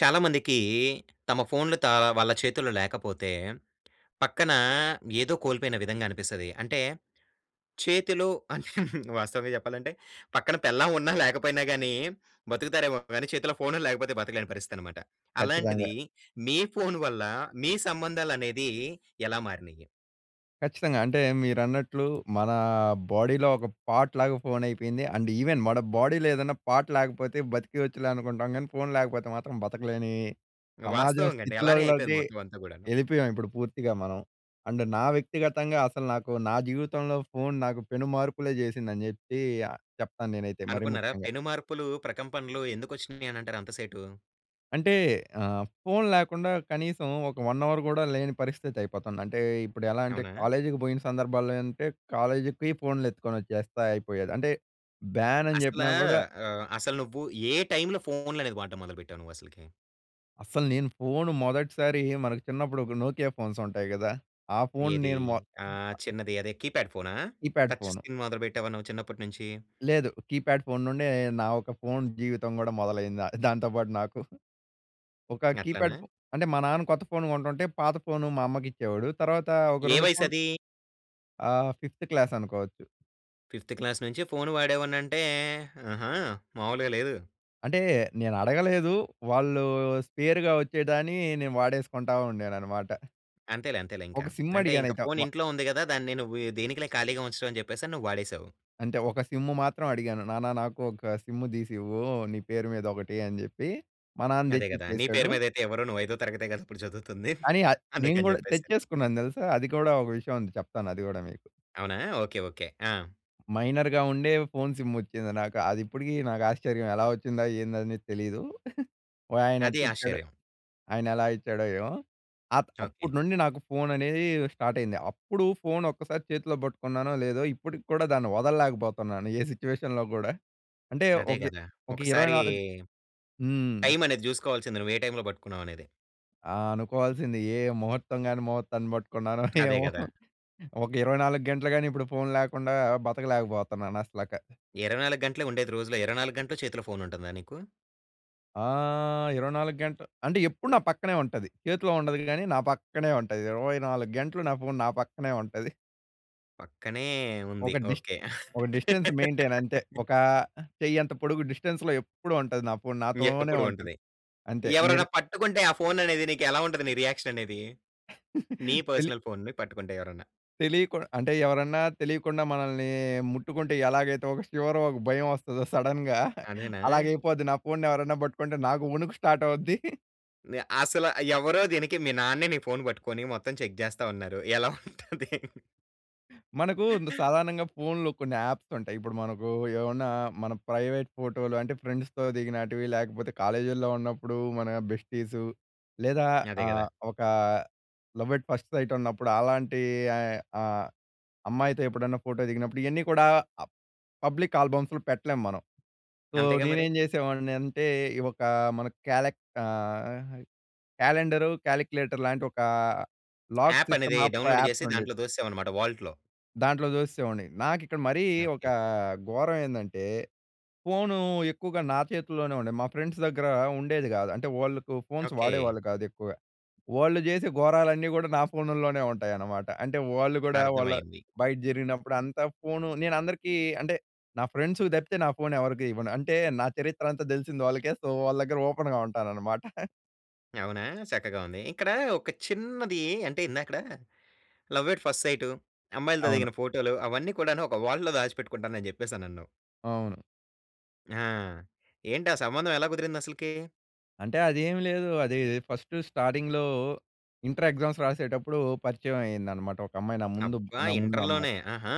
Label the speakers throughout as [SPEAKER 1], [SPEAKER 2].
[SPEAKER 1] చాలా మందికీ తమ ఫోన్‌లతో వాళ్ళ చేతుల్లో లేకపోతే పక్కనా ఏదో కోల్పోయిన విధంగా అనిపిస్తది. అంటే, చేతిలో వాస్తవంగ చెప్పాలంటే పక్కన పెళ్ళాం ఉన్నా లేకపోయినా గానీ, బ‌తుకుతారేమో గానీ చేతిల్లో ఫోనుల్లేకపోతే బ‌తకలేని పరిస్థితనమాట.
[SPEAKER 2] ఖచ్చితంగా.
[SPEAKER 1] అలాంటిదీ మీ ఫోన్ వల్లా మీ సంబంధాలనేదీ ఎలా మారినియి?
[SPEAKER 2] ఖచ్చితంగా. అంటే, మీరన్నట్లు మనా బాడీలో ఒక పార్ట్ లాగా ఫోనైపోయింది. అండ్ ఈవెన్ మన బాడీలో ఏదన్న పార్ట్ లేకపోతే బతికేయచ్చులే అనుకుంటాం గానీ, ఫోన్ లేకపోతే మాత్రం బతకలేనీ సమాజం
[SPEAKER 1] వాస్తవంగ అండి. అలానే అయిపోయింది
[SPEAKER 2] స్థితిలోకి
[SPEAKER 1] మొత్తం అంతా‌ కూడాను.
[SPEAKER 2] ఎ‌ళ్ళిపోయాం ఇప్పుడు పూర్తిగా మనం. అండ్ నా వ్యక్తిగతంగా అసలు నాకు నా జీవితంలో ఫోన్ నాకు పెనుమార్పులే చేసింది అని చెప్పీ చెప్తాను నేనైతే మరీ
[SPEAKER 1] అనుకున్నరా?
[SPEAKER 2] ముఖ్యంగా.
[SPEAKER 1] పెనుమార్పులూ, ప్రకంపనలు ఎందుకొచ్చినియి అని అంటారు అంత సేటు?
[SPEAKER 2] అంటే ఆహ్, ఫోన్ లేకుండా కనీసం ఒక 1 అవర్ కూడా లేని పరిస్థితి అయిపోతుంది. అంటే ఇప్పుడెలా అంటే
[SPEAKER 1] అవునా?
[SPEAKER 2] కాలేజ్‌కి బోయిన సందర్భాల్లో అంటే కాలేజ్‌కి పొయ్ ఫోన్‌లు ఎత్తుకొనొచ్చే‌స్తే అయిపోయేది. అంటే బ్యాన్ అని
[SPEAKER 1] అసలా
[SPEAKER 2] చెప్పినా కూడా
[SPEAKER 1] ఆహ్, అసలు నువ్వు ఏ టైమ్‌లో ఫోన్‌లనేది వాడటం మొదలు పెట్టావు నువ్వు అసలకి?
[SPEAKER 2] అస్సలు నేను ఫోను మొదటిసారీ మనకి చిన్నప్పుడొక నోకియా ఫోన్సుంటాయి గదా! ఆ ఫోన్‌ని
[SPEAKER 1] ఏదీ?
[SPEAKER 2] నేను వా
[SPEAKER 1] ఆహ్, చిన్నది అదే కీప్యాడ్ ఫోనా?
[SPEAKER 2] Keypad
[SPEAKER 1] touch
[SPEAKER 2] phone.
[SPEAKER 1] స్కిన్ మొదలుబెట్టావా నువ్వు చిన్నప్పటినుంచీ?
[SPEAKER 2] లేదు. కీప్యాడ్ ఫోన్ నుండే, నా ఒక ఫోన్ జీవితం గూడా మొదలైందా దాంతో పాటు నాకు. ఒక కీప్యాడ్
[SPEAKER 1] గట్లనా?
[SPEAKER 2] ఫో అంటే మా నాన్న కొత్త ఫోను కొంటుంటే, పాత ఫోను మా అమ్మకిచ్చేవోడు. తర్వాత ఒక
[SPEAKER 1] ఏ
[SPEAKER 2] 2 ఫోన్
[SPEAKER 1] వయసదీ?
[SPEAKER 2] ఆహ్, ఫిఫ్త్ క్లాసనుకోవచ్చు.
[SPEAKER 1] ఫిఫ్త్ క్లాస్ నుంచే ఫోను వాడావనంటే, ఆహా! మామూలుగా లేదు.
[SPEAKER 2] అంటే, నేనడగలేదు, వాళ్ళు స్పేరుగా వచ్చేదాని నేను వాడేసుకుంటా ఉండేననమాట.
[SPEAKER 1] అంతేలే, అంతేలే ఇంక.
[SPEAKER 2] ఒక సిమ్
[SPEAKER 1] అంటే, ఇంక
[SPEAKER 2] అడిగానయితే మా
[SPEAKER 1] ఫోనింట్లో ఉంది గదా! దాన్ని నువ్వు దేనికి‌లే ఖాళీగా ఉంచడం, అని జెప్పేసని నువ్వు వాడేశావు.
[SPEAKER 2] అంటే, ఒక సిమ్ము మాత్రం అడిగాను, "నాన్న నాకు ఒక సిమ్ము దీసివ్వూ, నీ పేరు మీదొకటి." అని జెప్పి. మా నాన్న
[SPEAKER 1] అదే గదా! నీ పేరు
[SPEAKER 2] తెచ్చిచ్చేసాడు.
[SPEAKER 1] మీదైతే ఇవ్వరు, నువ్వు ఐదో తరగతే గదిప్పుడు చదువుతుంది.
[SPEAKER 2] కానీ, ఆ నేను
[SPEAKER 1] అందుకని
[SPEAKER 2] గూడా
[SPEAKER 1] జెప్పేసి.
[SPEAKER 2] తెచ్చేసుకున్నాను దెలుసా! అది కూడా ఒక విషయం ఉంది. చెప్తాను అది గూడా మీకు.
[SPEAKER 1] అవునా! Okay okay. ఆ!
[SPEAKER 2] మైనర్‌గా ఉండే, ఫోన్ సిమ్మోచ్చింది నాక అదిప్పుడికీ నాకాశ్చర్యం, ఎలా వచ్చిందా! ఏందనేది తెలీదు.
[SPEAKER 1] అదీ
[SPEAKER 2] వాయనెట్టిచ్చాడో!
[SPEAKER 1] ఆశ్చర్యం.
[SPEAKER 2] ఆయనెలా ఇచ్చాడో ఏమో! ఆహ్, అప్పుడు
[SPEAKER 1] ఓకే.
[SPEAKER 2] నుండి నాకు ఫోననేదీ స్టార్టయింది. అప్పుడు ఫోనొక్కసారి చేతిలో బట్టుకున్నానో లేదో, ఇప్పటికి కూడా దాన్ని వదల్లేకబోతన్నాను, ఏ సిట్యుయేషన్‌లో గూడా. అంటే
[SPEAKER 1] అదే
[SPEAKER 2] ఒగ్గే
[SPEAKER 1] గదా!
[SPEAKER 2] ఒక ఇరవై
[SPEAKER 1] ఒకసారీ
[SPEAKER 2] నాలుగ్ హ్మ్.
[SPEAKER 1] టైమనేది జూసుకోవాల్సింది, నువ్వే టైంలో బట్టుకున్నావ్ అనేది?
[SPEAKER 2] ఆ! అనుకోవాల్సింది. ఏ ముహూర్తం గాని, ముహూర్తాన్ని పట్టుకున్నానో
[SPEAKER 1] అదే
[SPEAKER 2] ఏమో,
[SPEAKER 1] కదా!
[SPEAKER 2] ఒక 24 గంటలు గాని ఇప్పుడు ఫోన్ లేకుండా బతకలేకపోతున్నాను అసలకి.
[SPEAKER 1] 24 గంటలే ఉండేది రోజులో, 24 గంటలు చేతిలో ఫోన్ ఉంటుందా నీకు?
[SPEAKER 2] ఆహ్, 24 గంటలు అంటే, ఎప్పుడు నా పక్కనే ఉంటది. చేతిలో ఉండదు కానీ, నా పక్కనే ఉంటది. 24 గంటలు నా ఫోన్, నా పక్కనే ఉంటది.
[SPEAKER 1] పక్కనే ఉంది.
[SPEAKER 2] ఒక డిస్ట్
[SPEAKER 1] ఓకె.
[SPEAKER 2] ఒక డిస్టెన్స్ మెయింటెయిన్ అంతే. ఒకా చెయ్యి అంత పొడుగు డిస్టెన్స్‌లో ఎప్పుడు ఉంటది. నా ఫోన్ నాతోనే
[SPEAKER 1] ఎప్పుడూ
[SPEAKER 2] ఉంటది.
[SPEAKER 1] ఉంటది.
[SPEAKER 2] అంతే.
[SPEAKER 1] ఎవరైనా
[SPEAKER 2] [unintelligible]
[SPEAKER 1] పట్టుకుంటే ఆ ఫోన్ అనేది నీకు ఎలా ఉంటది, నీ రియాక్షన్ అనేది? నీ
[SPEAKER 2] తెలీ
[SPEAKER 1] పర్సనల్ ఫోన్‌‌‌‌‌‌‌ని పట్టుకుంటే ఎవరైనా?
[SPEAKER 2] తెలియకు అంటే ఎవరన్నా తెలియకుండా మనల్ని ముట్టుకుంటే, ఎలాగైతే ఒక శివర్, ఒక భయం వస్తదో, సడెన్‌గా.
[SPEAKER 1] అదేనా?
[SPEAKER 2] అలాగ అయిపోద్ది నా ఫోన్‌ని ఎవరైనా పట్టుకుంటే, నాకు వణుకు స్టార్ట్ అవుద్ది.
[SPEAKER 1] నీ అసలు ఎవరో దేనికి, మీ నాన్నే నీ ఫోన్ పట్టుకొని మొత్తం చెక్ చేస్తా ఉన్నారు, ఎలా ఉంటది?
[SPEAKER 2] మనకు సాధారణంగా ఫోన్‌లో కొన్ని యాప్స్ ఉంటాయి. ఇప్పుడు మనకు ఏమన్నా మన ప్రైవేట్ ఫోటోలు అంటే ఫ్రెండ్స్‌తో దిగినటివి, లేకపోతే కాలేజీలో ఉన్నప్పుడు మన బెస్టీసు లేదా
[SPEAKER 1] అదే కదా!
[SPEAKER 2] ఆహ్, ఒక లవ్ అట్ ఫస్ట్ సైట్ ఉన్నప్పుడు అలాంటి ఆహ్, అమ్మాయితో ఎప్పుడన్నా ఫోటో దిగినప్పుడు. ఇవన్నీ కూడా పబ్లిక్ ఆల్బమ్స్‌లో పెట్టలేం మనం. సో,
[SPEAKER 1] అంతేగా మరి.
[SPEAKER 2] నేనేం చేసేవాడిని అంటే, ఈ ఒక మన కాలె ఆహ్, క్యాలెండర్, క్యాలిక్యులేటర్‌లాంటి ఒక లాక్
[SPEAKER 1] యాప్
[SPEAKER 2] సిస్టమ్
[SPEAKER 1] అనేది డౌన్‌లోడ్ చేసి,
[SPEAKER 2] యాప్స్ ఉండేవి.
[SPEAKER 1] దాంట్లో తోసేసావ్ అన్నమాట, వాల్ట్‌‌‌‌‌‌‌లో.
[SPEAKER 2] దాంట్లో చూసేసేవాడిని. నాకిక్కడ మరీ ఒక
[SPEAKER 1] ఓకే.
[SPEAKER 2] ఘోరం ఏందంటే? ఫోను ఎక్కువగా నా చేతుల్లోనే ఉండేది. మా ఫ్రెండ్స్ దగ్గర ఉండేది కాదు. అంటే వాళ్ళకు ఫోన్స్
[SPEAKER 1] ఓకే.
[SPEAKER 2] వాడేవాళ్ళు కాదు ఎక్కువగా. వాళ్ళు చేసే ఘోరాలన్నీ గూడా నా ఫోనులోనే ఉంటాయన్నమాట. అంటే, వాళ్ళు గూడా వాళ్ళ
[SPEAKER 1] అర్థమైంది.
[SPEAKER 2] బయట జరిగినప్పుడు అంతా ఫోన్ నేను అందరికీ అంటే, నా ఫ్రెండ్స్‌కి తప్పితే నా ఫోన్ ఎవరికీ ఇవ్వను. అంటే, నా చరిత్ర అంతా తెలిసింది వాళ్ళకే. సో, వాళ్ళ దగ్గర ఓపెన్‌గా ఉంటాననమాట.
[SPEAKER 1] అవునా! చక్కగా ఉంది. ఇక్కడ ఒక చిన్నది అంటే, ఇందాకడ లవ్ ఎట్ ఫస్ట్ సైటు, అమ్మాయిలతో
[SPEAKER 2] అవును.
[SPEAKER 1] దిగిన ఫోటో‌లు, అవన్నీ కూడాను. ఒక వాల్ట్‌లో దాచిపెట్టుకుంటాను అని చెప్పేసనన్నావ్.
[SPEAKER 2] అవును.
[SPEAKER 1] ఆ! ఏంటా సంబంధం ఎలా కుదిరిందసలకి?
[SPEAKER 2] అంటే, అదేమి లేదు. అది ఫస్ట్ స్టార్టింగ్‌లో ఇంటర్ ఎగ్జామ్స్ రాసేటప్పుడు పరిచయం అయిందన్నమాట ఒక అమ్మాయి. నా ముందు
[SPEAKER 1] అబ్బా!
[SPEAKER 2] నా ముందు అమ్మాయి.
[SPEAKER 1] ఇంటర్‌లోనే. ఆహా!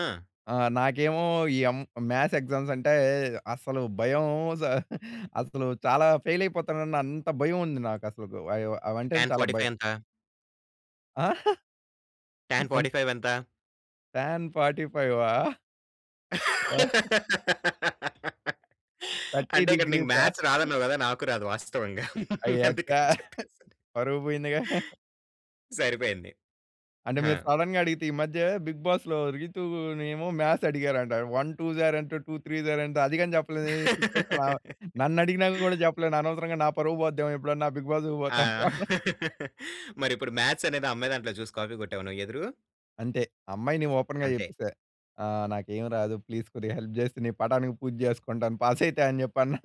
[SPEAKER 2] ఆ! నాకేమో ఈ అం మ్యాథ్స్ ఎగ్జామ్స్ అంటే, అసలు భయం. స అసలు చాలా ఫెయిలయిపోతానన్న అంత భయం ఉంది నాకు అసలుకు. అయో అవంటేనే
[SPEAKER 1] టాన్
[SPEAKER 2] చాలా
[SPEAKER 1] 45
[SPEAKER 2] భయం.
[SPEAKER 1] ఎంత?
[SPEAKER 2] ఆ!
[SPEAKER 1] టాన్
[SPEAKER 2] [unintelligible]
[SPEAKER 1] 45 ఎంత?
[SPEAKER 2] టాన్ ఫార్టి ఫైవా? ఆ! 30
[SPEAKER 1] అంటే, ఇక్కడ నీకు
[SPEAKER 2] డిగ్రీసా?
[SPEAKER 1] మాథ్స్ రాదన్నావ్ కదా! నాకు రాదు వాస్తవంగ.
[SPEAKER 2] అయ్యా! ఛా!
[SPEAKER 1] అందుకని చెప్పేసి.
[SPEAKER 2] పరువు పోయిందిగా.
[SPEAKER 1] సరిపోయింది.
[SPEAKER 2] అంటే,
[SPEAKER 1] హా!
[SPEAKER 2] మీరు సడెన్‌గా అడిగితే. ఈ మధ్య బిగ్ బాస్‌లో రీతూ‌నేమో మాథ్స్ అడిగారంట. వన్ టూ‌స్ ఆర్ ఎంత? టూ త్రీ‌స్ ఆర్ ఎంత? అది కూడా చెప్పలేని సిట్యుయేషన్‌‌లో ఆమ. నన్ను అడిగిన కూడా చెప్పలేను. అనవసరంగా నా పరువు పోద్దేమో ఎప్పుడన్నా బిగ్ బాస్
[SPEAKER 1] ఆ!
[SPEAKER 2] పోతే.
[SPEAKER 1] మరి ఇప్పుడు మాథ్స్ అనేది ఆ అమ్మాయ్ దాంట్లో చూసి కాపీ కొట్టావా? నువ్వు ఎదురు?
[SPEAKER 2] అంతే అమ్మాయిని ఓపెన్‌గా
[SPEAKER 1] అంతే.
[SPEAKER 2] చెప్పేసా, "ఆహ్, నాకు ఏమి రాదు ప్లీజ్ కొద్దిగా హెల్ప్ చేస్తే, నీ పటానికి పూజ చేసుకుంటాను పాసైతే అని చెప్పి అన్నా.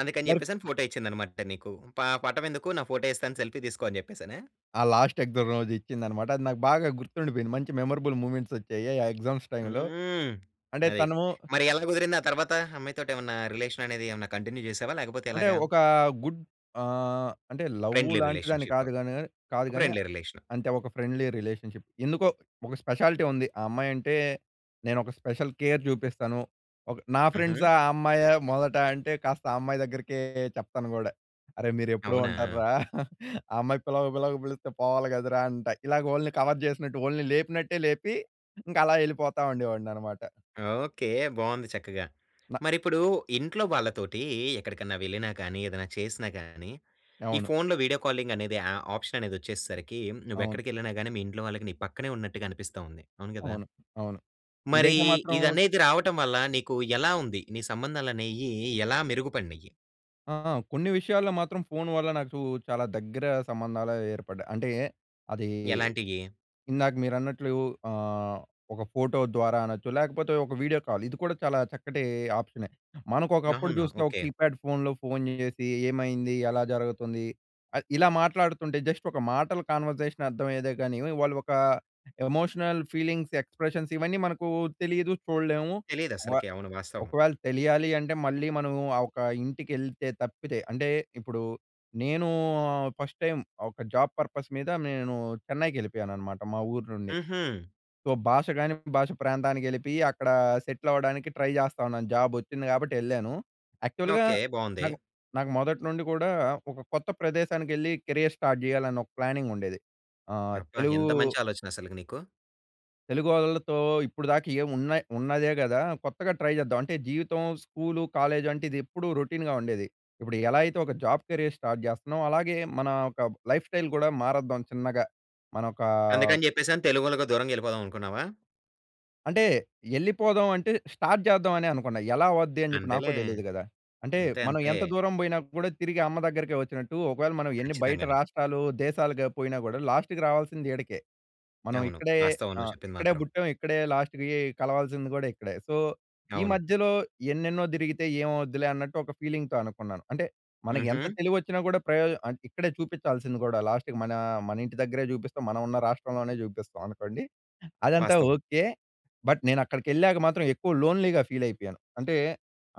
[SPEAKER 1] అందుకని
[SPEAKER 2] మరి ఫ్
[SPEAKER 1] చెప్పే‌సని ఫోటో ఇచ్చింది అన్నమాట తను నీకు. ప పటం ఎందుకు నా ఫోటో ఇస్తాను సెల్ఫీ తీసుకో అని చెప్పే‌సనా?
[SPEAKER 2] ఆ! లాస్ట్ ఎక్సామ్ రోజు ఇచ్చింది అన్నమాట. అది నాకు బాగా గుర్తుండిపోయింది మంచి మెమరబుల్ మూవ్మెంట్సోచ్చాయి ఆ ఎగ్జామ్స్ టైమ్‌లో.
[SPEAKER 1] హ్మ్.
[SPEAKER 2] అంటే
[SPEAKER 1] అది.
[SPEAKER 2] త‌ను
[SPEAKER 1] మరి ఎలా కుదిరింది ఆ తర్వాత? ఆ అమ్మాయి తోటి ఏమన్నా రిలేషన్ అనేది ఏమన్నా కంటిన్యూ చేసావా లేకపోతే
[SPEAKER 2] అంటే
[SPEAKER 1] ఎలాగా?
[SPEAKER 2] ఒక గుడ్ ఆహ్, అంటే లవ్
[SPEAKER 1] ఫ్రెండ్లీ
[SPEAKER 2] లాంటి దాన్ని
[SPEAKER 1] రిలేషన్‌షిప్.
[SPEAKER 2] కాదు గాని కాని, కాదు గాని
[SPEAKER 1] ఫ్రెండ్లీ రిలేషన్.
[SPEAKER 2] అం‌తే ఒక ఫ్రెండ్లీ రిలేషన్షిప్. ఎందుకో ఒక స్పెషాలిటీ ఉంది. ఆ అమ్మాయి అంటే, నేను ఒక స్పెషల్ కేర్ చూపిస్తాను. ఒక నా
[SPEAKER 1] హుహు.
[SPEAKER 2] ఫ్రెండ్సా ఆ అమ్మాయా మొదట అంటే కాస్త ఆ అమ్మాయి దగ్గరికే చెప్తాను కూడా. "అరె! మీరు ఎప్పు‌డు
[SPEAKER 1] అవునా!
[SPEAKER 2] ఉంటా‌ర్రా ఆ అమ్మాయి పిలవక పిలవ‌క పిలిస్తే పోవాలి కదరా" అంట. ఇలాగ వోల్ని కవర్ చేసినట్టు వోల్ని లేపినట్టే లేపి ఇంకా అలా వెళ్ళిపోతా ఉండేవాడిని అన్నమాట.
[SPEAKER 1] ఓకే. బాగుంది చక్కగా.
[SPEAKER 2] నా
[SPEAKER 1] మరి ఇప్పుడు ఇంట్లో వాళ్ళతోటి ఎక్కడికన్నా వెళ్ళినా గాని, ఏదైనా చేసినా గాని ఈ
[SPEAKER 2] అవును.
[SPEAKER 1] ఫోన్‌లో వీడియో కాలింగ్ అనేది యా ఆప్షన్ అనేదోచ్చేసేసరికి నువ్వు
[SPEAKER 2] అవును.
[SPEAKER 1] ఎక్కడికెళ్ళినా గాని మీ ఇంట్లో వాళ్ళకి నీ పక్కనే ఉన్నట్టుగా అనిపిస్తుంది. అవును కదా?
[SPEAKER 2] అవును. అవును.
[SPEAKER 1] మరి
[SPEAKER 2] ఇదైతే మాత్రం
[SPEAKER 1] ఇదనేది రావటం వల్ల నీకు ఎలా ఉంది? నీ సంబంధాలు అనేయి ఎలా మెరుగుపడినాయి?
[SPEAKER 2] ఆ! ఆ! కొన్ని విషయాల్లో మాత్రం ఫోన్ వల్ల నాకు చాలా దగ్గర సంబంధాలే ఏర్పడ్డాయి. అంటే అదీ
[SPEAKER 1] ఎలాంటియి?
[SPEAKER 2] ఇందాక మీరన్నట్లు ఆహ్, ఒక ఫోటో ద్వారా అనొచ్చు లేకపోతే ఒక వీడియో కాల్. ఇది కూడా చాలా చక్కటి ఆప్షనె. మనకు ఒకప్పుడు
[SPEAKER 1] అవునా?
[SPEAKER 2] చూస్తే ఒక
[SPEAKER 1] ఓకే.
[SPEAKER 2] కీప్యాడ్ ఫోన్‌లో ఫోన్ చేసి, "ఏమైంది? ఎలా జరుగుతుంది?" ఆహ్, ఇలా మాట్లాడుతుంటే జస్ట్ ఒక మాటల కన్వర్జేషన్ అర్థమయ్యేదే గాని వాళ్ళు ఒక ఎమోషనల్ ఫీలింగ్స్ ఎక్స్ప్రెషన్స్ ఇవన్నీ మనకు తెలీదు. చూడలేము.
[SPEAKER 1] తెలియదు
[SPEAKER 2] ఒ
[SPEAKER 1] అసలకే అవును వాస్తవం.
[SPEAKER 2] ఒకవేళ తెలియాలి అంటే మళ్ళీ మనము ఆ ఒక ఇంటికి ఎళ్తే తప్పితే, అంటే ఇప్పుడు నేను ఆహ్, ఫస్ట్ టైమ్ ఒక జాబ్ పర్పస్ మీద నేను చెన్నైకెళ్ళిపోయానన్నమాట మా ఊరు నుండి.
[SPEAKER 1] హుహు.
[SPEAKER 2] సో, భాషగాని భాష ప్రాంతానికి ఎళ్ళిపోయి అక్కడ సెటిల్ అవ్వడానికి ట్రై జేస్తా ఉన్నాను. జాబ్ వచ్చింది కాబట్టి ఎళ్ళాను. యాక్చువల్‌గా
[SPEAKER 1] ఓకే. బావుంది.
[SPEAKER 2] నాకు, నాకు మొదటి నుండి కూడా ఒక కొత్త ప్రదేశానికి ఎళ్లి కెరియర్ స్టార్ట్ చేయాలి అన్న ఒక ప్లానింగ్ ఉండేది. ఆహ్,
[SPEAKER 1] అబ్బా!
[SPEAKER 2] తెలుగు
[SPEAKER 1] ఎంత మంచి ఆలోచన అసలుకు నీకు?
[SPEAKER 2] తెలుగోళ్లతో ఇప్పడు దాకా ఏమి ఉన్నాయ్ ఉన్నదే కదా కొత్తగా ట్రై చేద్దాం. అంటే జీవితం స్కూలు, కాలేజ్ అంటే ఇది ఎప్పుడు రొటీన్‌గా ఉండేది. ఇప్పుడు ఎలా అయితే ఒక జాబ్ కెరియర్ స్టార్ట్ చేస్తున్నామో అలాగే మన ఓక లైఫ్ స్టైల్ కూడా మారద్దాం చిన్నగా. మన ఒక
[SPEAKER 1] అందుకని చెప్పేసి అని తెలుగోళ్ళకు దూరంగా ఎళ్ళిపోదాం అనుకున్నావా?
[SPEAKER 2] అంటే ఎళ్ళిపోదాం అంటే స్టార్ట్ చేద్దాం అనే అనుకున్నా. ఎలా అవుద్ది అని చెప్పి నాకు
[SPEAKER 1] అంతేలే.
[SPEAKER 2] తెలియదు గదా! అంటే
[SPEAKER 1] అంతే,
[SPEAKER 2] 'మనం
[SPEAKER 1] అంతే.
[SPEAKER 2] ఎంత దూరం పోయినా కూడా తిరిగి అమ్మ దగ్గరికే వచ్చినట్టు', ఒకవేళ మనం ఎన్ని బయట
[SPEAKER 1] ఖచ్చితంగాను.
[SPEAKER 2] రాష్ట్రాలు, దేశాలుగ పోయినా గూడా లాస్ట్‌కి రావాల్సింది ఈడకే. మనం
[SPEAKER 1] అవును.
[SPEAKER 2] ఇక్కడే
[SPEAKER 1] వాస్తవం నువ్వు
[SPEAKER 2] ఆహ్,
[SPEAKER 1] చెప్పింది
[SPEAKER 2] ఇక్కడే
[SPEAKER 1] మాత్రం.
[SPEAKER 2] పుట్టాం ఇక్కడే లాస్ట్‌కి కలవాల్సింది కూడా ఇక్కడే. సో, ఈ
[SPEAKER 1] అవును.
[SPEAKER 2] మధ్యలో ఎన్నెన్నో తిరిగితే ఏమవుద్దిలే అన్నట్టు ఒక ఫీలింగ్‌తో అనుకున్నాను. అంటే మనకు ఎంత
[SPEAKER 1] హుహు.
[SPEAKER 2] తెలివోచ్చినా కూడా ప్రయోజ అన్ ఇక్కడే చూపించాల్సింది కూడా లాస్ట్‌కి మన మన ఇంటి దగ్గరే చూపిస్తాం, మనం ఉన్న రాష్ట్రంలోనే చూపిస్తాం అనుకోండి. అదంతా
[SPEAKER 1] వాస్తవం.
[SPEAKER 2] ఓకే. బట్ నేనక్కడికెళ్ళాక మాత్రం ఎక్కువ లోన్లీ‌గా ఫీలైపోయాను. అంటే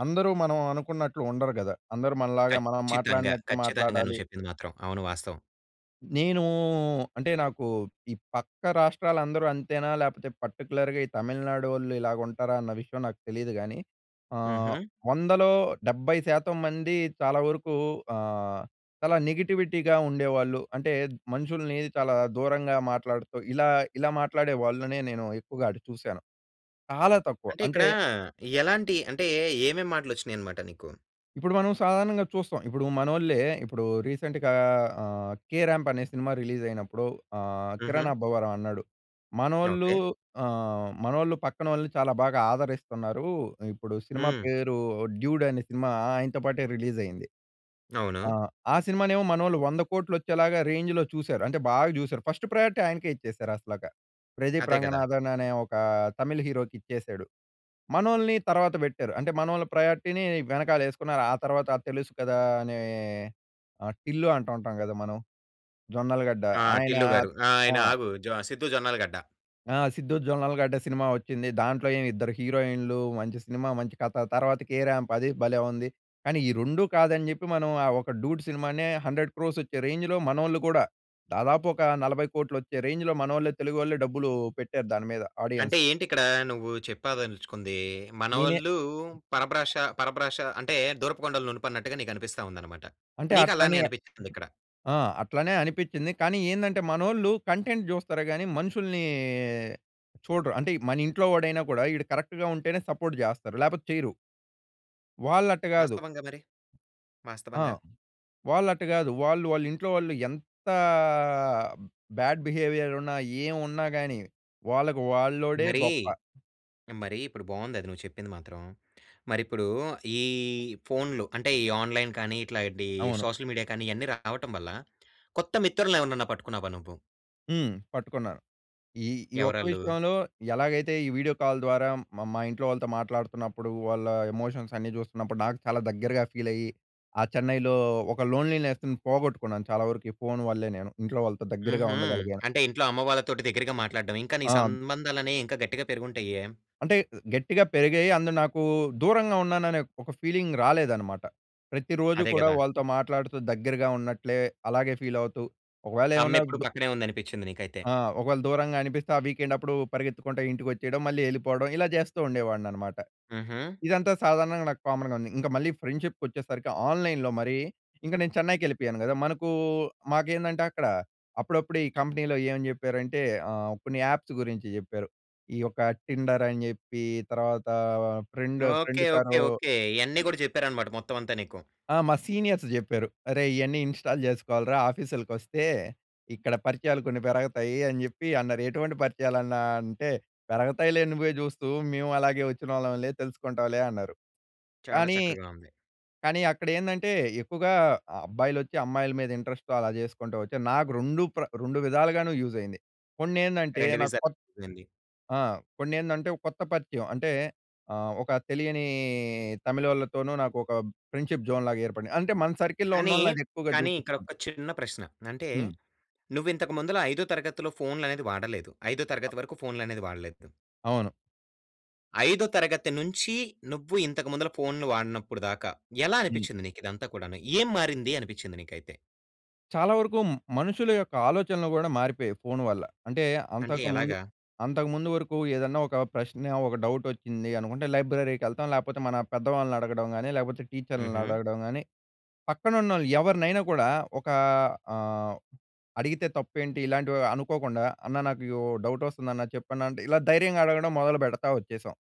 [SPEAKER 2] అందరూ మనం అనుకున్నట్లు ఉండరు గదా! అందరూ మనలాగా మనం
[SPEAKER 1] ఖచ్చితంగా.
[SPEAKER 2] మాట్లాడినట్టు
[SPEAKER 1] ఖచ్చితంగా
[SPEAKER 2] మాట్లాడాలి
[SPEAKER 1] నువ్వు చెప్పింది మాత్రం. అవును వాస్తవం.
[SPEAKER 2] నేను అంటే నాకు ఈ పక్క రాష్ట్రాలందరూ అంతేనా లేకపోతే పర్టిక్యులర్‌గా ఈ తమిళనాడోళ్ళు ఇలాగా ఉంటారా? అన్న విషయం నాకు తెలీదు గానీ, ఆహ్,
[SPEAKER 1] హుహు.
[SPEAKER 2] 100లో 70% మంది చాలా వరకు ఆహ్, చాలా నెగటివిటీగా ఉండేవాళ్ళు. అంటే మనుషుల్ని చాలా దూరంగా మాట్లాడుతూ ఇలా ఇలా మాట్లాడే వాళ్ళనే నేను ఎక్కువగా ఆటు చూశాను. చాలా తక్కువ
[SPEAKER 1] అంటే
[SPEAKER 2] అంటే
[SPEAKER 1] ఇక్కడ ఎలాంటి అంటే ఏమేం మాటలు వచ్చినాయి అనమాట నీకు?
[SPEAKER 2] ఇప్పుడు మనం సాధారణంగా చూస్తాం. ఇప్పుడు మనోళ్ళే, ఇప్పుడు రీసెంట్‌గా ఆహ్, 'కేరాంప్' అనే సినిమా రిలీజ్ అయినప్పుడు ఆహ్,
[SPEAKER 1] హుహు.
[SPEAKER 2] 'కిరణ్ అబ్బవరం' అన్నాడు. మనోళ్ళూ
[SPEAKER 1] ఓకే.
[SPEAKER 2] ఆహ్, మనోళ్ళు పక్కనోళ్ళని చాలా బాగా ఆదరిస్తున్నారూ. ఇప్పుడు సినిమా
[SPEAKER 1] హ్మ్.
[SPEAKER 2] పేరు 'డ్యూడ్' అనే సినిమా ఆయనతో పాటే రిలీజ్ అయింది.
[SPEAKER 1] అవును.
[SPEAKER 2] ఆహ్, ఆ సినిమానేమో మనోళ్లు 100,00,00,000 వచ్చేలాగా రేంజ్‌లో చూసారు. అంటే బాగ చూసారు. ఫస్ట్ ప్రయారిటీ ఆయనకే ఇచ్చేసారు అసలక. 'ప్రదీప్
[SPEAKER 1] అదే కదా!
[SPEAKER 2] రంగనాథన్' అనే ఒకా తమిళ్ హీరోకి ఇచ్చేసాడు. మనోళ్ళని తర్వాత పెట్టారు అంటే మనోళ్ళ ప్రయారిటీని వెనకాలేసుకున్నారు. ఆ తర్వాత 'తెలుసు కదా' అనే ఆహ్, టిల్లు అంటుంటాం కదా, మనం 'జొన్నలగడ్డ'
[SPEAKER 1] ఆ!
[SPEAKER 2] ఆయనా
[SPEAKER 1] టిల్లు గారు
[SPEAKER 2] ఆ!
[SPEAKER 1] ఆయన ఆగు జొ 'సిద్దు జొన్నలగడ్డ.'
[SPEAKER 2] ఆ! 'సిద్దు జొన్నలగడ్డ' సినిమా వచ్చింది. దాంట్లో ఏమి ఇద్దరు హీరోయిన్‌‌లు మంచి సినిమా, మంచి కథ తర్వాత 'కేరాంప్' అది భలే ఉంది. కానీ ఈ 2 కాదని చెప్పి మనం ఆ! ఒక 'డూడ్' సినిమానే 100,00,00,000 వచ్చే రేంజ్‌లో మనోళ్ళు కూడా దాదాపు ఒక 40,00,00,000 వచ్చే రేంజ్‌లో మనోళ్లే తెలుగువాళ్లే డబ్బులు పెట్టారు దాని మీద
[SPEAKER 1] అంటే,
[SPEAKER 2] ఆడియన్స్.
[SPEAKER 1] ఏంటి ఇక్కడ నువ్వు చెప్పాదల్చుకుందీ
[SPEAKER 2] నేనే
[SPEAKER 1] మనోళ్ళూ పరభ్రషా పరభ్రష అంటే దూరపు కొండలు నునుపు అన్నట్టుగా నీకు అనిపిస్తా ఉందన్నమాట.
[SPEAKER 2] అంటే
[SPEAKER 1] నీకు అలానే
[SPEAKER 2] అట్లనే
[SPEAKER 1] అనిపించింది ఇక్కడా?
[SPEAKER 2] ఆ! అట్లనే అనిపిచింది కానీ ఏందంటే, మనోళ్ళు కంటెంట్ చూస్తారు కానీ మనుషుల్నీ చూడరు. అంటే మన ఇంట్లో వాడైనా కూడా, ఈడు కరెక్ట్‌గా ఉంటేనే సపోర్ట్ చేస్తారు లేకపోతే చేయరు. వాళ్ళట్ట కాదు.
[SPEAKER 1] వాస్తవంగా మరి?
[SPEAKER 2] ఆ!
[SPEAKER 1] వాస్తవంగా?
[SPEAKER 2] వాళ్ళట్ట కాదు! వాళ్ళు వాళ్ళింట్లో వాళ్ళు ఎంతా బ్యాడ్ బిహేవియర్ ఉన్నా, ఏమున్నా గాని వాళ్ళకి వాళ్ళోడే
[SPEAKER 1] మరీ,
[SPEAKER 2] గొప్ప.
[SPEAKER 1] మరీ ఇప్పుడు బావుంది అది నువ్వు చెప్పింది మాత్రం. మరిప్పుడూ ఈ ఫోన్‌లు అంటే ఈ ఆన్‌లైన్ కానీ, ఇట్లాంటీ
[SPEAKER 2] అవును.
[SPEAKER 1] సోషల్ మీడియా కానీ ఇయన్నీ రావటం వల్ల కొత్త మిత్రుల్ని ఎవరినైనా పట్టుకున్నావా నువ్వు?
[SPEAKER 2] హ్మ్. పట్టుకున్నారు. ఈ ఈ ఒక్క
[SPEAKER 1] ఎవరాళ్ళు?
[SPEAKER 2] విషయంలో ఎలాగైతే ఈ వీడియో కాల్ ద్వారా మా మా ఇంట్లో వాళ్ళతో మాట్లాడుతున్నప్పుడు వాళ్ళ ఎమోషన్స్ అన్నీ చూస్తున్నప్పుడు నాకు చాలా దగ్గరగా ఫీల్ అయ్యి ఆ చెన్నైలో ఒక లోన్లీనెస్‌ని పోగొట్టుకున్నాను చాలా వరకు ఈ ఫోన్ వల్లే నేను ఇంట్లో వాళ్ళతో దగ్గరగా
[SPEAKER 1] హుహు.
[SPEAKER 2] ఉండగలిగేను.
[SPEAKER 1] అంటే ఇంట్లో అమ్మ వాళ్ళతోటి దగ్గరగా మాట్లాడడం ఇంకా నీ
[SPEAKER 2] ఆ!
[SPEAKER 1] సంబంధాలనేవి ఇంకా గట్టిగా పెరిగి ఉంటాయే?
[SPEAKER 2] అంటే గట్టిగా పెరిగాయి. అందులో నాకు దూరంగా ఉన్నాను అనే ఒక ఫీలింగ్ రాలేదన్నమాట. ప్రతి రోజు
[SPEAKER 1] అదే
[SPEAKER 2] కూడా
[SPEAKER 1] కదా!
[SPEAKER 2] వాళ్ళతో మాట్లాడుతూ దగ్గరగా ఉన్నట్లే అలాగే ఫీల్ అవుతూ ఒకవేళ ఏమన్నా
[SPEAKER 1] అమ్మ ఎప్పుడు
[SPEAKER 2] దూ
[SPEAKER 1] పక్కనే ఉందనిపించింది నీకైతే.
[SPEAKER 2] ఆ! ఒకవేళ దూరంగా అనిపిస్తే ఆ వీకెండ్ అప్పుడు పరిగెత్తుకుంటే ఇంటికి వచ్చేయడం మళ్ళీ ఎళ్ళిపోవడం ఇలా చేస్తూ ఉండేవాడినన్నమాట.
[SPEAKER 1] హుహు.
[SPEAKER 2] ఇదంతా సాధారణంగా నాకు కామన్‌గా ఉంది. ఇంకా మళ్ళీ ఫ్రెండ్షిప్‌కొచ్చేసరికి ఆన్‍లైన్‍లో మరి ఇంక నేను చెన్నైకి వెళ్ళిపోయాను కదా! మనకు మాకేందంటే అక్కడ అప్పుడప్పుడు ఈ కంపెనీలో ఏం చెప్పారంటే ఆహ్ కొన్ని యాప్స్ గురించి చెప్పారు. ఈ యొక్క టిండర్ అని చెప్పి తర్వాత ఫ్రెండ్
[SPEAKER 1] ఓకె.
[SPEAKER 2] Friend
[SPEAKER 1] okay.
[SPEAKER 2] కరో
[SPEAKER 1] ఓకె. ఇవన్నీ కూడా చెప్పారన్నమాట మొత్తం అంతా నీకు.
[SPEAKER 2] ఆ! మా సీనియర్స్ చెప్పారు. "అరేయ్! ఇవన్నీ ఇంస్టాల్ చేసుకోవాలి ఆఫీస్‌లకి వస్తే. ఇక్కడ పరిచయాలు కొన్ని పెరగతాయి" అని చెప్పి అన్నారు. ఎటువంటి పరిచయాలు అన్న అంటే, "పెరుగుతాయిలే నువ్వే చూస్తూ. మేము అలాగే వచ్చినాళ్ళంలే తెలుసుకుంటావులే" అన్నారు.
[SPEAKER 1] చాలా
[SPEAKER 2] కానీ
[SPEAKER 1] చక్కగా ఉంది.
[SPEAKER 2] కానీ అక్కడ ఏందంటే ఎక్కువగా అబ్బాయిలు వచ్చి అమ్మాయిల మీద ఇంటరెస్ట్‌తో అలా చేసుకుంటూ వచ్చిరు. నాకు 2 ప్ర 2 విధాలుగాను యూజ్ అయింది. కొన్ని ఏందంటే
[SPEAKER 1] 2
[SPEAKER 2] నాకు
[SPEAKER 1] విధాలుగా
[SPEAKER 2] కొత్త
[SPEAKER 1] యూస్ అయింది.
[SPEAKER 2] ఆ! కొన్ని ఏందంటే ఒక కొత్త పరిచయం అంటే ఆహ్, ఒక తెలియని తమిళోళ్లతోను నాకు ఒక ఫ్రెండ్షిప్‌జోన్‌లాగా ఏర్పడింది. అంటే మన సర్కిల్‌లో
[SPEAKER 1] కానీ,
[SPEAKER 2] ఉన్నోళ్ళని అది ఎక్కువగా
[SPEAKER 1] కానీ, ఇక్కడ
[SPEAKER 2] చూపిస్తుంది.
[SPEAKER 1] ఒక చిన్న ప్రశ్న. అంటే
[SPEAKER 2] హ్మ్.
[SPEAKER 1] నువ్వు ఇంతకు ముందల ఐదో తరగతిలో ఫోన్‌లు అనేది వాడలేదు. ఐదో తరగతి వరకు ఫోన్‌లనేది వాడలేదు.
[SPEAKER 2] అవును.
[SPEAKER 1] ఐదో తరగతి నుంచి నువ్వు ఇంతకు ముందల ఫోన్‌లు వాడనప్పుడు దాకా ఎలా
[SPEAKER 2] హ్మ్.
[SPEAKER 1] అనిపిచ్చింది నీకు ఇదంతా కూడాను? ఏం మారింది అనిపిచ్చింది నీకైతే?
[SPEAKER 2] చాలా వరుకూ మనుషులు యొక్క ఆలోచనలు గూడా మారిపొయ్యాయి ఫోన్ వల్ల. అంటే
[SPEAKER 1] అంటే
[SPEAKER 2] అంతకు ముందు,
[SPEAKER 1] ఎలాగా?
[SPEAKER 2] అంతకు ముందు వరుకు ఏదన్నా ఒక ప్రశ్న ఒక డౌట్ వచ్చింది అనుకుంటే, లైబ్రరీకి ఎళ్తాం లేపోతే మన పెద్దవాళ్ళని అడగడం గానీ లేపోతే టీచర్‌లని
[SPEAKER 1] హుహు.
[SPEAKER 2] అడగడం గానీ, పక్కనున్నోళ్ళు ఎవరినైనా కూడా ఒకా ఆహ్, అడిగితే తప్పేంటి ఇలాంటివి అనుకోకుండా అన్నా నాకు యో డౌట్ వస్తందన్నా చెప్పన్నా అంటే ఇలా ధైర్యంగా అడగడం మొదలుపెడతా వచ్చేశాం.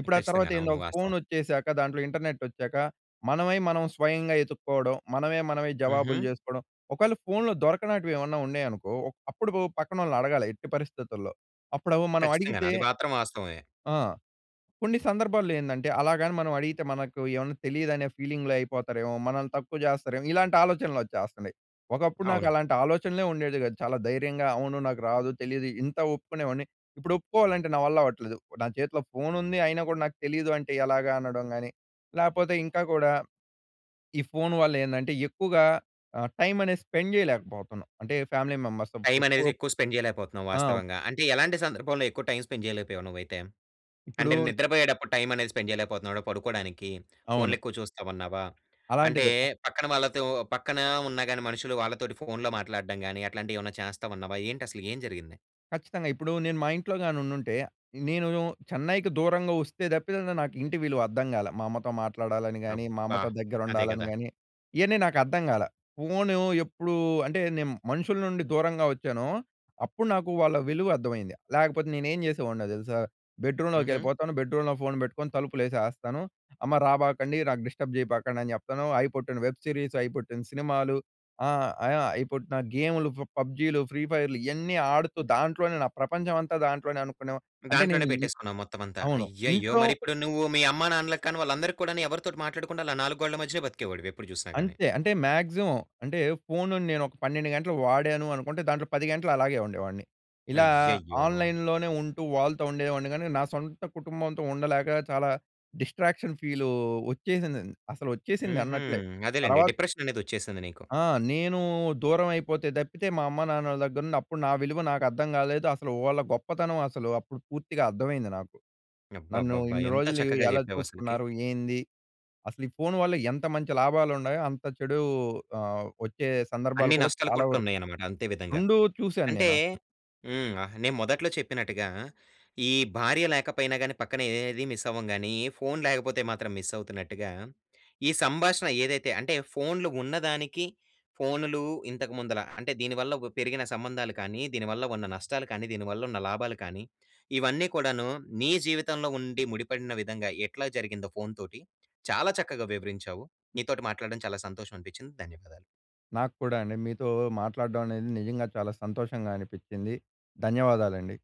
[SPEAKER 2] ఇప్పుడు ఆ తర్వాత
[SPEAKER 1] ఖచ్చితంగాను.
[SPEAKER 2] ఏందో
[SPEAKER 1] అవును.
[SPEAKER 2] ఒక ఫోన్
[SPEAKER 1] వాస్తవం.
[SPEAKER 2] వచ్చేశాక దాంట్లో ఇంటర్నెట్ వచ్చాక మనమై మనం స్వయంగా ఎతుక్కోడం, మనమే మనమే జవాబులు
[SPEAKER 1] హుహు.
[SPEAKER 2] చేసుకోడం. ఒకవేళ ఫోన్‌లో దొరకనాటివి ఏవన్నా ఉన్నాయి అనుకో అప్పుడు బో పక్కనోళ్ళని అడగాలి ఎట్టి పరిస్థితుల్లో. అప్పుడవు మనం
[SPEAKER 1] ఖచ్చితంగాను.
[SPEAKER 2] అడిగితే
[SPEAKER 1] అది మాత్రం వాస్తవమే.
[SPEAKER 2] ఆ! కొన్ని సందర్భాల్లో ఏందంటే అలాగని మనం అడిగితే మనకు ఏవన్నా తెలీదు అనే ఫీలింగ్‌లో అయిపోతారేమో, మనల్ని తక్కువ చేస్తారేమో ఇలాంటి ఆలోచనలు వచ్చేస్తన్నయి. ఒకప్పుడు నాకు
[SPEAKER 1] అవును.
[SPEAKER 2] అలాంటి ఆలోచనలే ఉండేది కాదు. చాలా ధైర్యంగా అవును నాకు రాదు. తెలీదు. ఇంత ఒప్పుకునేవాడిని. ఇప్పుడు ఒప్పుకోవాలంటే నా వల్ల అవ్వట్లేదు. నా చేతిలో ఫోన్ ఉంది. అయినా గూడా నాకు తెలీదు అంటే ఎలాగా అనడం గానీ లేపోతే ఇంకా గూడా ఈ ఫోన్ వల్ల ఏందంటే ఎక్కువుగా ఆహ్, టైమ్ అనేది స్పెండ్ చెయ్యలేకపోతన్నాం. అంటే ఫ్యామిలీ మెంబర్స్ సమ్
[SPEAKER 1] టైమ్
[SPEAKER 2] ఎక్కువ
[SPEAKER 1] అనేది ఎక్కువ స్పెండ్ చెయ్యలేకపోతన్నావు
[SPEAKER 2] ఆ!
[SPEAKER 1] వాస్తవంగా. అంటే ఎలాంటి సందర్భంలో ఎక్కువ టైమ్ స్పెండ్ చెయ్యలేపోయావు నువ్వైతే? అంటే
[SPEAKER 2] ఇప్పుడూన్
[SPEAKER 1] నిద్రపొయ్యేటప్పుడు టైమ్ అనేది స్పెండ్ చెయ్యలేకపోతున్నావా పడుకోడానికి? ఫోన్‌లు
[SPEAKER 2] అవును.
[SPEAKER 1] ఎక్కువ చూస్తావన్నావా? అంటే
[SPEAKER 2] అలాంటిదే.
[SPEAKER 1] పక్కన వాళ్ళతో పక్కన ఉన్నా గానీ మనుషులు వాళ్ళతోటి ఫోన్‌లో మాట్లాడడం గానీ అట్లాంటివి ఏవన్నా చేస్తావన్నావా? ఏంటి అసలు ఏం జరిగింది?
[SPEAKER 2] ఖచ్చితంగ! ఇప్పుడు నేను మా ఇంట్లో గాని ఉండుంటే. నేను చెన్నైకి దూరంగా వస్తే తప్పితే నాకు ఇంటి విలువ అర్ధం కాలే. మా అమ్మతో మాట్లాడాలని గాని, మా
[SPEAKER 1] అబ్బా!
[SPEAKER 2] అమ్మతో దగ్గర
[SPEAKER 1] అదే
[SPEAKER 2] ఉండాలని
[SPEAKER 1] కదా!
[SPEAKER 2] గాని ఇయన్నీ నాకు అర్థం కాలా. ఫోన్ ఎప్పుడూ అంటే నేను మనుషుల నుండి దూరంగా వచ్చానో, అప్పుడు నాకు వాళ్ళ విలువ అర్థమైంది. లేకపోతే నేను ఏం చేసేవాడినో తెలుసా? బెడ్‌రూమ్‌లోకి
[SPEAKER 1] హుహు.
[SPEAKER 2] వెళ్ళిపోతాను బెడ్‌రూమ్‌లో ఫోన్ పెట్టుకొని. తలుపులు వేసేస్తాను. అమ్మ రాబాకండి, నాకు డిస్టర్బ్ చేయబాకండి" అని చెప్తాను. అయి పుట్టిన వెబ్ సీరీస్. అయి పుట్టిన సినిమాలు. ఆ! ఆ! అయి పుట్టిన గేమ్‌లు. ఫ పబ్జీలు, ఫ్రీ ఫైర్‌లు ఇయన్నీ ఆడుతూ దాంట్లోనే, నా ప్రపంచం అంతా దాంట్లోనే అనుకునే అంటే
[SPEAKER 1] దాంట్లోనే
[SPEAKER 2] నేను ఈ
[SPEAKER 1] పెట్టేసుకున్నాం మొత్తం అంతా.
[SPEAKER 2] అవును.
[SPEAKER 1] అయ్యయ్యో!
[SPEAKER 2] ఇంట్లో
[SPEAKER 1] మరి ఇప్పుడు నువ్వు, మీ అమ్మ నాన్నలకి కానీ, వాళ్ళందరికీ కూడాను ఎవరితోటి మాట్లాడకుండా అలా నాలుగు గోడల మధ్యనే బ్రతికేవాడివి ఎప్పుడు చూసినా గాని.
[SPEAKER 2] అంతే, అంటే మాక్సిమం. అంటే ఫోన్ నేను ఒక 12 గంటలు వాడాను అనుకుంటే, దాంట్లో 10 గంటలు అలాగే ఉండేవాడిని. ఇలా
[SPEAKER 1] అయ్యయ్యో!
[SPEAKER 2] ఆన్‌లైన్‌లోనే ఉంటూ, వాళ్ళతో ఉండేవాడిని. కాని నా సొంత కుటుంబంతో ఉండలేక చాలా డిస్ట్రాక్షన్ ఫీలు వచ్చేసింది. అసలు వచ్చేసింది.
[SPEAKER 1] హుహు.
[SPEAKER 2] అన్నట్లే
[SPEAKER 1] అదేలెండి.
[SPEAKER 2] తర్వాత
[SPEAKER 1] డిప్రెషన్ అనేది వచ్చేసింది నీకు.
[SPEAKER 2] ఆ! నేను దూరం అయిపోతే తప్పితే, మా అమ్మానాన్నల దగ్గర నుండి అప్పుడు నా విలువ నాకు అర్థం కాలేదు. అసలు వాళ్ళ గొప్పతనం అసలు, అప్పుడు పూర్తిగా అర్థమైంది నాకు. నన్ను
[SPEAKER 1] అబ్బబ్బబ్బా!
[SPEAKER 2] ఇన్ని
[SPEAKER 1] ఎంత
[SPEAKER 2] రోజులు
[SPEAKER 1] చక్కగా
[SPEAKER 2] ఎలా
[SPEAKER 1] చెప్పావు అసలకి.
[SPEAKER 2] చూసుకున్నారు? ఏంది. అసలు ఈ ఫోన్ వల్ల ఎంత మంచి లాభాలు ఉన్నాయో. అంత చెడు ఆహ్, వచ్చే సందర్భాలు
[SPEAKER 1] అన్ని
[SPEAKER 2] కూడా
[SPEAKER 1] నష్టాలు
[SPEAKER 2] చాలా
[SPEAKER 1] కూడా
[SPEAKER 2] వరకు
[SPEAKER 1] ఉన్నాయి అన్నమాట అంతే విధంగా.
[SPEAKER 2] రెండు చూసాను
[SPEAKER 1] అంటే
[SPEAKER 2] నేను అసలు.
[SPEAKER 1] హ్మ్. ఆహ్, నేను మొదట్లో చెప్పినట్టుగా, ఈ భార్య లేకపోయినా కానీ పక్కన ఏది మిస్ అవ్వము గాని. ఫోన్ లేకపోతే మాత్రం మిస్ అవుతున్నట్టుగా. ఈ సంభాషణ ఏదైతే, అంటే ఫోన్‌లు ఉన్నదానికి, ఫోన్‌లు ఇంతకు ముందుల అంటే దీనివల్ల ఒక పెరిగిన సంబంధాలు కానీ, దీనివల్ల ఉన్న నష్టాలు కానీ, దీనివల్ల ఉన్న లాభాలు కానీ, ఇవన్నీ కూడాను నీ జీవితంలో ఉండి, ముడిపడిన విధంగా ఎట్లా జరిగిందో ఫోన్ తోటి చాలా చక్కగా వివరించావు. నీతోటి మాట్లాడడం చాలా సంతోషం అనిపించింది. ధన్యవాదాలు.
[SPEAKER 2] నాకు కూడా అండి. మీతో మాట్లాడడం అనేది నిజంగా చాలా సంతోషంగా అనిపించింది. ధన్యవాదాలండి.